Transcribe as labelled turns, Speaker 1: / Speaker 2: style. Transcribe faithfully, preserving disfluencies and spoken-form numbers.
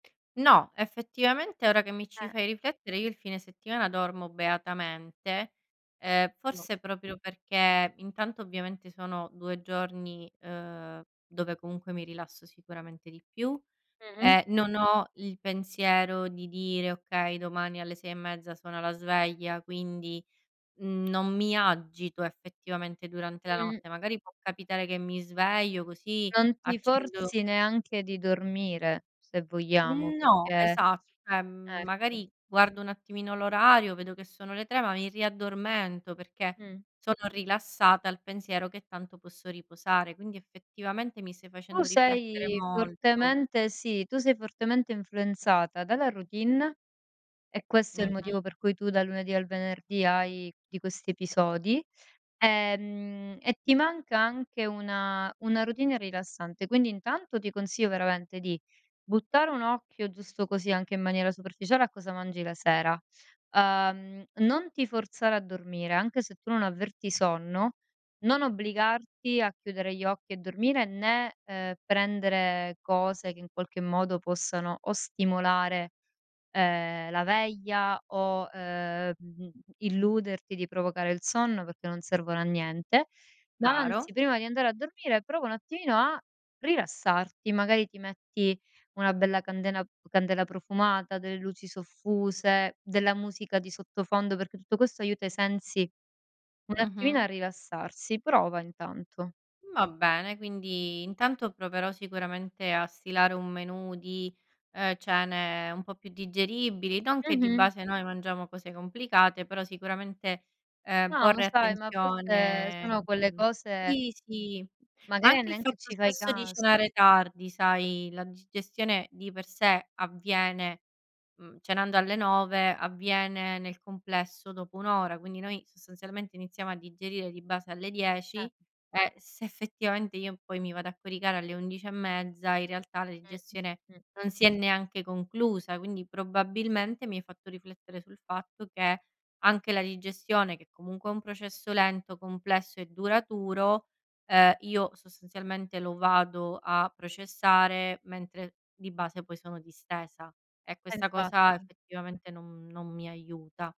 Speaker 1: No, effettivamente ora che mi ci
Speaker 2: Eh.
Speaker 1: fai riflettere io il fine settimana dormo beatamente, ehm,
Speaker 2: No.
Speaker 1: forse proprio perché intanto ovviamente sono due giorni, ehm, dove comunque mi rilasso sicuramente di più
Speaker 2: Mh-mh.
Speaker 1: e non ho il pensiero di dire: "Okay domani alle sei e mezza suona la sveglia". Quindi non mi agito effettivamente durante la
Speaker 2: Mh.
Speaker 1: notte. Magari può capitare che mi sveglio così,
Speaker 2: Non ti
Speaker 1: accendo
Speaker 2: forzi neanche di dormire, se vogliamo,
Speaker 1: Mhmm, no,
Speaker 2: perché
Speaker 1: esa ceh, mhmm,
Speaker 2: ecco.
Speaker 1: magari guardo un attimino l'orario, vedo che sono le tre, ma mi riaddormento perché
Speaker 2: Mh.
Speaker 1: sono rilassata al pensiero che tanto posso riposare, quindi effettivamente mi stai
Speaker 2: Tu
Speaker 1: facendo riflettere
Speaker 2: sei
Speaker 1: molto.
Speaker 2: fortemente sì, tu sei fortemente influenzata dalla routine, e questo è il
Speaker 1: Mh-mh.
Speaker 2: motivo per cui tu dal lunedì al venerdì hai di questi episodi, ehm, e ti manca anche una una routine rilassante. Quindi intanto ti consiglio veramente di buttare un occhio giusto così anche in maniera superficiale a cosa mangi la sera. Uhm, non ti forzare a dormire, anche se tu non avverti sonno, non obbligarti a chiudere gli occhi e dormire, né, ehm, prendere cose che in qualche modo possano o stimolare, ehm, la veglia o, uhm, mhmm, illuderti di provocare il sonno perché non servono a niente, ma
Speaker 1: Chiaro.
Speaker 2: anzi prima di andare a dormire prova un attimino a rilassarti. Magari ti metti una bella candena candela profumata, delle luci soffuse, della musica di sottofondo, perché tutto questo aiuta i sensi un attimino
Speaker 1: Mh-mh.
Speaker 2: a rilassarsi, prova intanto.
Speaker 1: Va bene, quindi intanto proverò sicuramente a stilare un menù di, ehm, cene un po' più digeribili, non che di
Speaker 2: Mh-mh.
Speaker 1: base noi mangiamo cose complicate, però sicuramente, ehm,
Speaker 2: Ah, ma
Speaker 1: porre
Speaker 2: sai, ma a volte
Speaker 1: attenzione,
Speaker 2: sono quelle
Speaker 1: mh
Speaker 2: cose
Speaker 1: sì, sì, ma
Speaker 2: magari a
Speaker 1: anche il
Speaker 2: neanche
Speaker 1: fatto
Speaker 2: ci fai
Speaker 1: stesso di
Speaker 2: cas
Speaker 1: cenare tardi sai, la digestione di per sé avviene mhmm, cenando alle nove, avviene nel complesso dopo un ora, quindi noi sostanzialmente iniziamo a digerire di base alle dieci
Speaker 2: Eh!
Speaker 1: e se effettivamente, io poi mi vado a coricare alle undici e mezza in realtà la
Speaker 2: Mh,
Speaker 1: digestione
Speaker 2: mh, mh.
Speaker 1: non si è neanche conclusa. Quindi probabilmente, mi hai fatto riflettere sul fatto che anche la digestione, che comunque è un processo lento, complesso e duraturo, ehm, io sostanzialmente lo vado a processare mentre di base poi sono distesa e
Speaker 2: Eh,
Speaker 1: questa cosa
Speaker 2: infatti.
Speaker 1: effettivamente non non mi aiuta.